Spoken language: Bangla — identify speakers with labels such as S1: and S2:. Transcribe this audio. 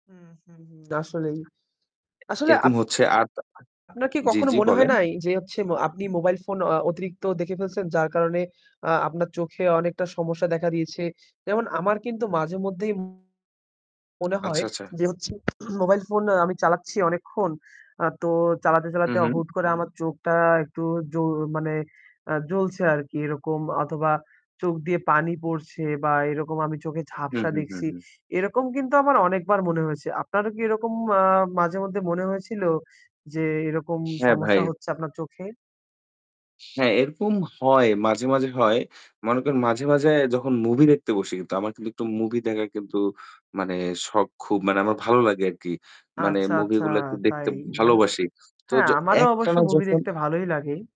S1: উম হু, হু। আসলেই, আসলে
S2: এরকম
S1: আপ
S2: হচ্ছে। আর ত
S1: আপনার কি
S2: জি,
S1: কখনো
S2: জি
S1: মনে হয়
S2: বলেন।
S1: নাই? যে হচ্ছে ম আপনি মোবাইল ফোন অ অতিরিক্ত দেখে ফেলছেন যার কারণে আ আপনার চোখে অনেকটা সমস্যা দেখা দিয়েছে। যেমন আমার কিন্তু মাঝেমধ্যেই মনে হয়
S2: আচ্ছা, আচ্ছা।
S1: যে হচ্ছে, মোবাইল ফোন আমি চালাচ্ছি অনেকক্ষণ। আ তো চালাতে, চালাতে
S2: উহু।
S1: হুট করে আমার চোখটা একটু জু মানে আ জ্বলছে আর কি এরকম অথবা চোখ দিয়ে পানি পড়ছে বা এরকম আমি চোখে
S2: হুম,
S1: ঝাপসা
S2: হুম, হুম,
S1: দেখছি।
S2: হুম।
S1: এরকম কিন্তু আমার অনেকবার মনে হয়েছে। আপনারও কি এরকম ম্যা মাঝে মধ্যে মনে হয়েছিল? যে এরকম
S2: হ্যাঁ ভাই।
S1: সমস্যা হচ্ছে আপনার চোখে?
S2: হ্যাঁ, এরকম হয়। মাঝে, মাঝে হয়। মনে করেন মাঝে, মাঝে যখন movie দেখতে বসি কিন্তু আমার কিন্তু একটু movie দেখা কিন্তু মানে শখ খুব মানে আমার ভালো লাগে আরকি। মানে
S1: আচ্ছা,
S2: movie
S1: আচ্ছা,
S2: গুলা কিন্তু দেখতে
S1: তাই না?
S2: ভালোবাসি। তো
S1: হ্যাঁ,
S2: য
S1: আমারও অবশ্য
S2: একটানা
S1: movie
S2: যখন
S1: দেখতে ভালোই লাগে।